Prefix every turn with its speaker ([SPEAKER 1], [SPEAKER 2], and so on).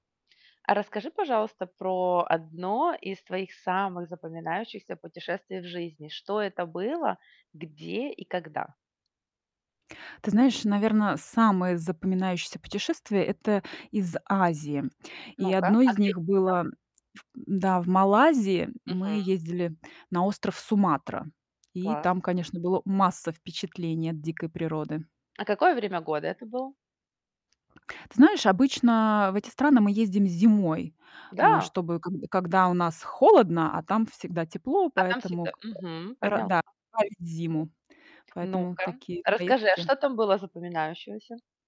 [SPEAKER 1] А расскажи, пожалуйста, про одно из твоих самых запоминающихся путешествий в жизни. Что это было, где и когда?
[SPEAKER 2] Ты знаешь, наверно, самое запоминающееся путешествие- это из Азии. И
[SPEAKER 1] Ну-ка,
[SPEAKER 2] одно
[SPEAKER 1] а
[SPEAKER 2] из
[SPEAKER 1] где
[SPEAKER 2] них
[SPEAKER 1] это там?
[SPEAKER 2] было в м да, в Малайзии
[SPEAKER 1] Мгм.
[SPEAKER 2] мы ездили на остров Суматра. И
[SPEAKER 1] Класс.
[SPEAKER 2] там, конечно, было масса впечатлений от дикой природы.
[SPEAKER 1] А какое время года это было?
[SPEAKER 2] Ты знаешь, обычно в эти страны мы ездим зимой, а,
[SPEAKER 1] Да?
[SPEAKER 2] чтобы когд когда у нас холодно, а там всегда тепло,
[SPEAKER 1] А там
[SPEAKER 2] поэтому
[SPEAKER 1] всегда
[SPEAKER 2] как бы
[SPEAKER 1] мгм,
[SPEAKER 2] ра
[SPEAKER 1] поняла.
[SPEAKER 2] да, [unintelligible] зиму. Поэтому
[SPEAKER 1] Ну-ка,
[SPEAKER 2] такие
[SPEAKER 1] расскажи, а
[SPEAKER 2] поездки.
[SPEAKER 1] что там было запоминающегося?